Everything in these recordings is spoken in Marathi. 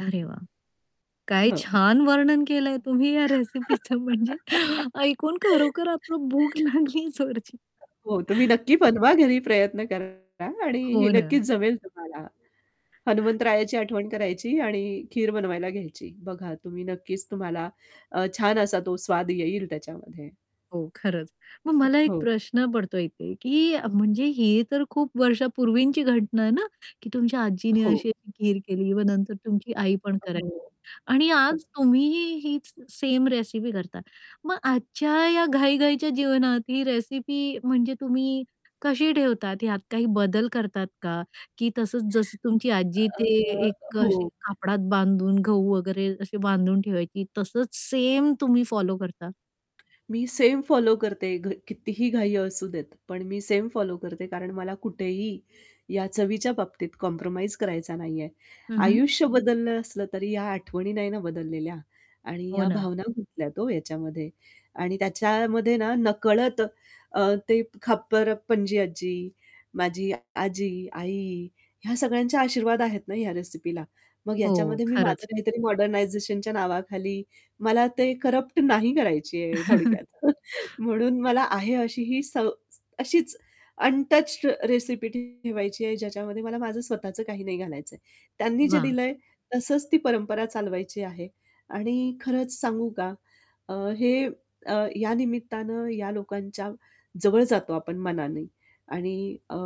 अरे वाह! काय हां. छान वर्णन केलंय तुम्ही या रेसिपीच म्हणजे ऐकून खरोखर आता भूक लागली जोरची. हो. तुम्ही नक्की बनवा घरी, प्रयत्न करा आणि ही हो नक्कीच ना. जमेल तुम्हाला. हनुमंतरायाची आठवण करायची आणि खीर बनवायला घ्यायची. बघा तुम्ही नक्कीच तुम्हाला अ, छान असा तो स्वाद येईल त्याच्यामध्ये. हो, खरंच. मग अ, मला एक हो. प्रश्न पडतोय इथे, की म्हणजे ही तर खूप वर्षापूर्वीची घटना आहे ना, की तुमच्या आजीनी हो. अशी-अशी खीर केली. नंतर तुमची आईपण अ, हो. करायची आणि हां. आज तुम्हीही हीच सेम रेसिपी करता. मग आजच्या या घाई-घाईच्या जीवनात ही रेसिपी म्हणजे तुम्ही कशी ठेवतात? यात काही बदल करतात का? की तसच, जसं तुमची आजी अ, ते अ, एक हो. अशी कापडात बांधून गहू वगैरे अशी बांधून ठेवायची, तसंच सेम तुम्ही फॉलो करता? मी सेम फॉलो करते, घ कितीही घाई असू देत पण मी सेम फॉलो करते, कारण मला कुठेही या चवीच्या बाबतीत कॉम्प्रोमाईज करायचा नाहीये. हं, हं. आयुष्य बदललं असलं तरी या आठवणी नाही ना बदललेल्या आणि हो या ना. भावना गुंतल्यात हो याच्यामध्ये. आणि त्याच्यामध्ये ना नकळत अ, ते खापरपणजी आज्जी, माझी अ, आजी, आई ह्या सगळ्यांचे आशीर्वाद आहेत ना ह्या रेसिपीला. मग हो, ह्याच्यामध्ये मी माझं खरंच. काहीतरी मॉडर्नायझेशनच्या नावाखाली मला ते करप्ट नाही करायची आहे थोडक्यात. म्हणून मला आहे अशी ही स अशीच अनटच्ड रेसिपी ठेवायची आहे, ज्याच्यामध्ये मला माझं स्वतःचं काही नाही घालायचंय. त्यांनी जे वाह! दिलंय तसंच ती परंपरा चालवायची आहे. आणि खरंच सांगू का अ, हे अ, या निमित्तानं या लोकांच्या जवळ जातो आपण मनाने आणि अ,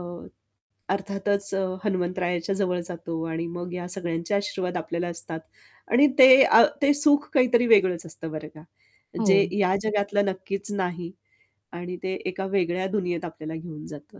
अर्थातच हनुमंतरायाच्या जवळ जातो आणि मग या सगळ्यांचे आशीर्वाद आपल्याला असतात आणि ते अ, ते सुख काहीतरी वेगळंच असतं बरं का. जे हो. या जगातलं नक्कीच नाही आणि ते एका वेगळ्या दुनियेत आपल्याला घेऊन जातं.